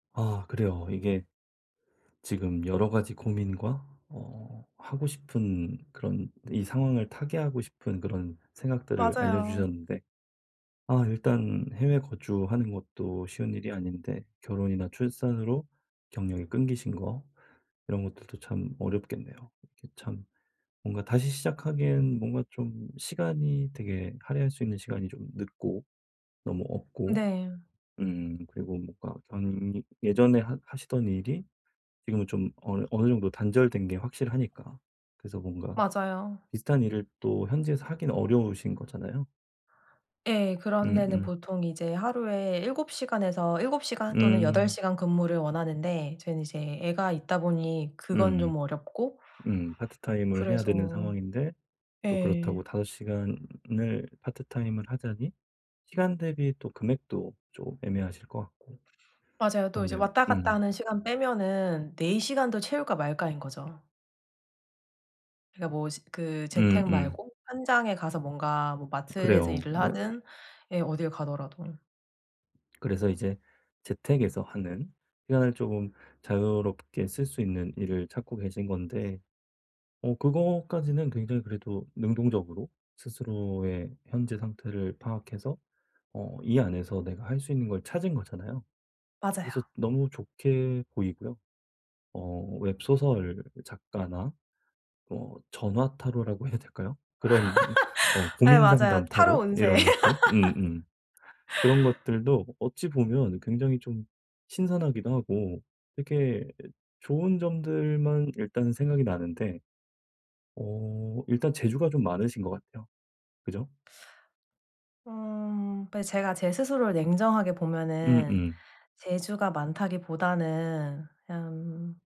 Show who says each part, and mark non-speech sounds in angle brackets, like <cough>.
Speaker 1: 아 그래요. 이게 지금 여러 가지 고민과 어 하고 싶은 그런 이 상황을 타개하고 싶은 그런 생각들을
Speaker 2: 맞아요.
Speaker 1: 알려주셨는데 아 일단 해외 거주하는 것도 쉬운 일이 아닌데 결혼이나 출산으로 경력이 끊기신 거 이런 것들도 참 어렵겠네요. 이게 참 뭔가 다시 시작하기엔 뭔가 좀 시간이 되게 할애할 수 있는 시간이 좀 늦고 너무 없고
Speaker 2: 네.
Speaker 1: 음 그리고 뭔가 당연히 예전에 하 하시던 일이 지금은 좀 어느 어느 정도 단절된 게 확실하니까. 그래서 뭔가
Speaker 2: 맞아요.
Speaker 1: 비슷한 일을 또 현지에서 하긴 어려우신 거잖아요.
Speaker 2: 예. 그런 데는
Speaker 1: 음음.
Speaker 2: 보통 이제 하루에 7 시간에서 7 시간 또는 8
Speaker 1: 음.
Speaker 2: 시간 근무를 원하는데 저는 이제 애가 있다보니 그건
Speaker 1: 음음.
Speaker 2: 좀 어렵고
Speaker 1: 음. 파트타임을 해야 되는
Speaker 2: 그래서
Speaker 1: 상황인데 또
Speaker 2: 예.
Speaker 1: 그렇다고 5 시간을 파트타임을 하자니 시간 대비 또 금액도 좀 애매하실 것 같고.
Speaker 2: 맞아요. 또 이제
Speaker 1: 그렇네요.
Speaker 2: 왔다 갔다
Speaker 1: 음.
Speaker 2: 하는 시간 빼면은 4 시간도 채울까 말까인 거죠. 그러니까 뭐지 그 재택
Speaker 1: 음음.
Speaker 2: 말고 현장에 가서 뭔가 뭐 마트에서
Speaker 1: 그래요.
Speaker 2: 일을
Speaker 1: 네네.
Speaker 2: 하든 예 어딜 가더라도.
Speaker 1: 그래서 이제 재택에서 하는 시간을 쪼금 자유롭게 쓸 수 있는 일을 찾고 계신 건데. 어 그것까지는 굉장히 그래도 능동적으로 스스로의 현재 상태를 파악해서 어 이 안에서 내가 할 수 있는 걸 찾은 거잖아요. 그래서
Speaker 2: 맞아요.
Speaker 1: 너무 좋게 보이고요. 어 웹 소설 작가나 뭐 전화 타로라고 해야 될까요? 그런 어
Speaker 2: <laughs> 예
Speaker 1: 고민
Speaker 2: 맞아요.
Speaker 1: 상담
Speaker 2: 타로
Speaker 1: 타로
Speaker 2: 운세.
Speaker 1: 이런 것들. 음음. 그런
Speaker 2: <laughs>
Speaker 1: 것들도 어찌 보면 굉장히 좀 신선하기도 하고 이렇게 좋은 점들만 일단은 생각이 나는데 어 일단 재주가 좀 많으신 것 같아요. 그죠?
Speaker 2: 음 배 제가 제 스스로를 냉정하게 보면은
Speaker 1: 음음.
Speaker 2: 재주가 많다기보다는 그냥